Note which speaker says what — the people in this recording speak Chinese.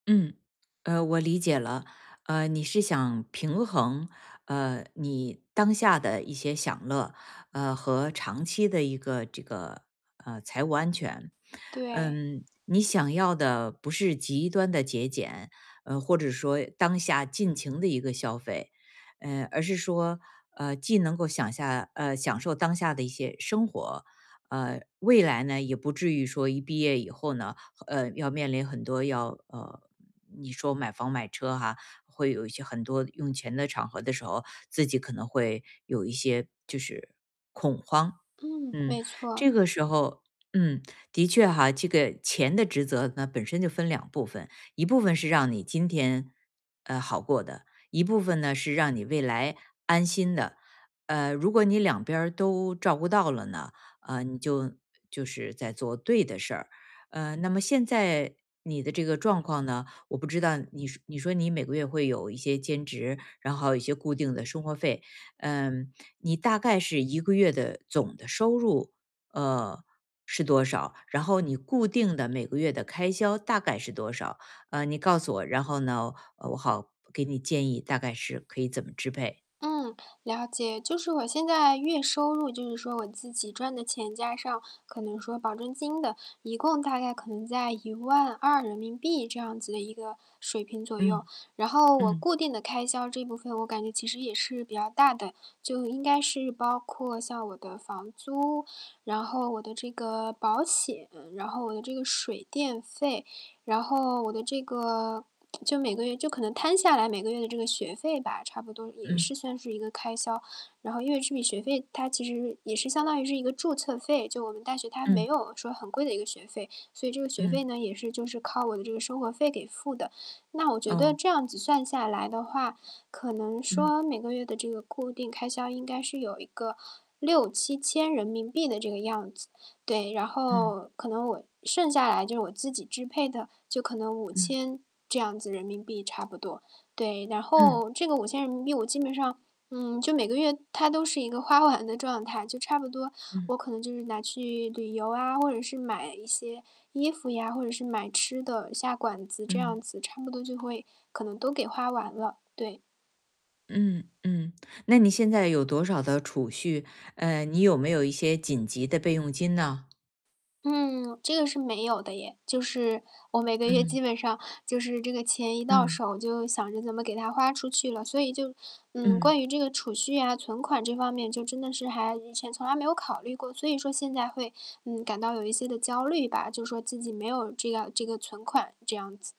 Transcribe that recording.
Speaker 1: 嗯，呃，我理解了。呃，你是想平衡，呃，你当下的一些享乐，呃，和长期的一个这个，呃，财务安全。
Speaker 2: 对。
Speaker 1: 嗯，你想要的不是极端的节俭，嗯，或者说当下尽情的一个消费。嗯，而是说，嗯，既能够享下呃，享受当下的一些生活，嗯，未来呢，也不至于说一毕业以后呢，呃，要面临很多要呃，你说买房、买车哈，会有一些很多用钱的场合的时候，自己可能会有一些就是
Speaker 2: 嗯，
Speaker 1: 恐慌。嗯，
Speaker 2: 没错。
Speaker 1: 这个时候嗯，的确哈，这个钱的职责呢，本身就分2部分，一部分是让你今天，呃，好过的。一部分呢，是让你未来安心的。呃，如果你两边儿都照顾到了呢，嗯，你就就是在做对的事儿。嗯，那么现在你的这个状况呢，我不知道你说你说你每个月会有一些兼职，然后一些固定的生活费。嗯，你大概是一个月的总的收入，呃，是多少？然后你固定的每个月的开销大概是多少，嗯，你告诉我，然后呢，呃，我好给你建议大概是可以怎么支配。
Speaker 2: 嗯，了解。就是我现在月收入，就是说我自己赚的钱加上可能说保证金的，一共大概可能在¥12000这样子的一个水平左右。
Speaker 1: 嗯。
Speaker 2: 然后我
Speaker 1: 嗯。
Speaker 2: 固定的开销这部分我感觉其实也是比较大的，就应该是包括像我的房租，然后我的这个保险，然后我的这个水电费，然后我的这个 就每个月就可能摊下来每个月的这个学费吧，差不多也
Speaker 1: 嗯。
Speaker 2: 是算是一个开销。然后因为这笔学费它其实是也是相当于是一个注册费，就我们大学它没
Speaker 1: 嗯。
Speaker 2: 有说很贵的一个学费。所以这个学费
Speaker 1: 嗯。
Speaker 2: 呢，也是就是靠我的这个生活费给付的。那我觉得
Speaker 1: 哦。
Speaker 2: 这样子算下来的话，可能
Speaker 1: 嗯。
Speaker 2: 说每个月的这个固定开销应该是有一个¥6000-¥7000的这个样子，对。然
Speaker 1: 嗯。
Speaker 2: 后可能我剩下来就我自己支配的，就可能五
Speaker 1: 嗯。
Speaker 2: 千这样子人民币差不多。对，然
Speaker 1: 嗯。
Speaker 2: 后这个¥5000我基本上，嗯，就每个月它都是一个花完的状态，就差不多，
Speaker 1: 嗯。
Speaker 2: 我可能就是拿去旅游啊，或者是买一些衣服呀，或者是买吃的下馆子，这样
Speaker 1: 嗯。
Speaker 2: 子，差不多就会，可能都给花完了，对。
Speaker 1: 嗯嗯，那你现在有多少的储蓄？呃，你有没有一些紧急的备用金呢？
Speaker 2: 嗯，这个是没有的耶。就是我每个月基
Speaker 1: 嗯。
Speaker 2: 本上就是这个钱一到
Speaker 1: 嗯。
Speaker 2: 手就想着怎么给它花出去了，所以就，嗯，关
Speaker 1: 嗯。
Speaker 2: 于这个储蓄啊，存款这方面就真的是还以前从来没有考虑过。所以说现在会，嗯，感到有一些地焦虑吧，就说自己没有这样这个存款这样子。